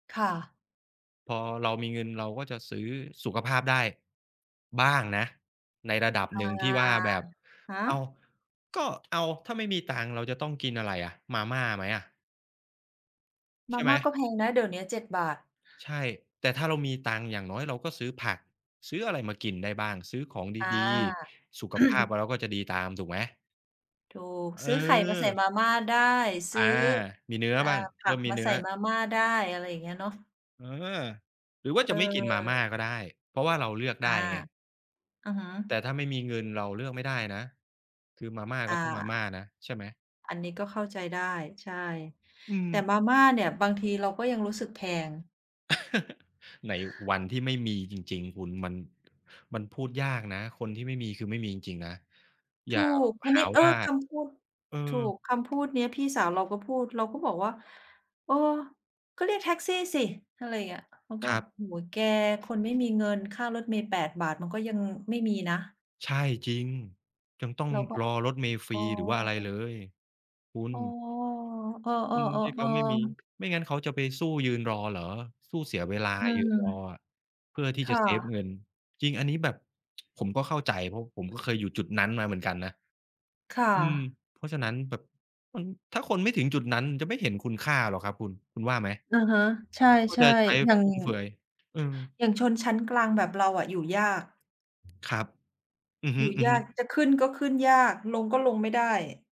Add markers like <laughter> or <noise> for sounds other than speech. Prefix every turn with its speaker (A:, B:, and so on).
A: ค่ะ
B: พอเรามีเงิน เราก็จะซื้อสุขภาพได้ บ้างนะ ในระดับ
A: อะ
B: หนึ่งที่ว่าแบบ
A: ฮ
B: อ้าว
A: ะ
B: ก็ เอา ถ้าไม่มีตังค์เราจะต้องกินอะไรอะ มาม่าไหมอะ?
A: ม
B: ใช
A: า
B: ่ไ
A: ม
B: หม?
A: ่าก็แพงนะ เดี๋ยวนี้ ฿7
B: ใช่ แต่ถ้าเรามีตังค์ อย่างน้อยเราก็ซื้อผักซื้ออะไรมากินได้บ้าง ซื้อของ
A: อา
B: ดี
A: <clears throat>
B: ๆ สุขภาพเรา ก็จะดีตามถูกไหม?
A: ถูก
B: เ
A: ซื้อไข่มาใส่
B: ออ
A: มาม่าได้ ซ
B: อ
A: ื้
B: า
A: อ
B: มีเนื้อ
A: อ่า
B: บ้าง
A: ผ
B: เร
A: ั
B: ิ่
A: ก
B: มมี
A: มา
B: เนื
A: ใ
B: ้
A: ส
B: อ
A: ่มาม่าได้ อะไรอย่างเงี้ยเนาะ
B: เออ หรือว่า
A: เ
B: จะไม่กินมาม่า
A: ออ
B: ก็ได้ เพราะว่าเราเลือก
A: อ
B: ได
A: า
B: ้ไง
A: อือฮึ
B: แต่ถ้าไม่มีเงินเราเลือกไม่ได้นะ คือมาม่า
A: อา
B: ก็ต้องมาม่านะ ใช่ไหม?
A: อันนี้ก็เข้าใจได้ ใช่
B: อื
A: แต่
B: ม
A: มาม่าเนี่ยบางทีเราก็ยังรู้สึกแพง
B: <chuckles> ในวันที่ไม่มีจริง ๆ คุณมัน มันพูดยากนะ คนที่ไม่มี คือไม่มีจริง ๆ นะ
A: ถ
B: อย่
A: ู
B: า
A: ก อัน
B: ห
A: นี
B: า
A: ้ เออ
B: ว่า
A: คำพูด
B: อื
A: ถ
B: ม
A: ูก คำพูดนี้พี่สาวเราก็พูด เราก็บอกว่า "เออ ก็เรียกแท็กซี่สิ" อะไรอย่างเงี้ย เขาก็
B: ครับ
A: โอ้โฮ แกคนไม่มีเงินค่ารถเมล์ ฿8 มันก็ยังไม่มีนะ
B: ใช่ จริง ยังต้อง
A: เราก็
B: รอรถเมล์ฟ
A: "อ
B: ร
A: ๋
B: ี
A: อ"
B: หรือว่าอะไรเลย คุ
A: อ
B: ณ
A: ๋อ เอ
B: คน
A: อ
B: ที่เขาไม่มี
A: ๆ ๆ ๆ
B: ไม่งั้นเขาจะไปสู้ยืนรอเหรอ? สู้เสียเวลา
A: อื
B: ยืนรอ
A: ม
B: อะ เพื่อที่
A: ค
B: จะ
A: ่
B: เซฟเง
A: ะ
B: ิน จริงอันนี้แบบ ผมก็เข้าใจ เพราะผมก็เคยอยู่จุดนั้นมาเหมือนกันนะ
A: ค่
B: อืม
A: ะ
B: เพราะฉะนั้นแบบ มัน ถ้าคนไม่ถึงจุดนั้นจะไม่เห็นคุณค่าหรอกครับคุณ คุณว่าไหม?
A: อะฮะ ใช
B: คุณก็
A: ่
B: จะใช้
A: ๆ อย่าง
B: ฟุ่มเฟือย อือ
A: อย่างชนชั้นกลางแบบเราอะอยู่ยาก
B: ครับ อือฮ
A: อ
B: ึ
A: ยู่ยาก
B: ๆ
A: จะขึ้นก็ขึ้นยาก ลงก็ลงไม่ได้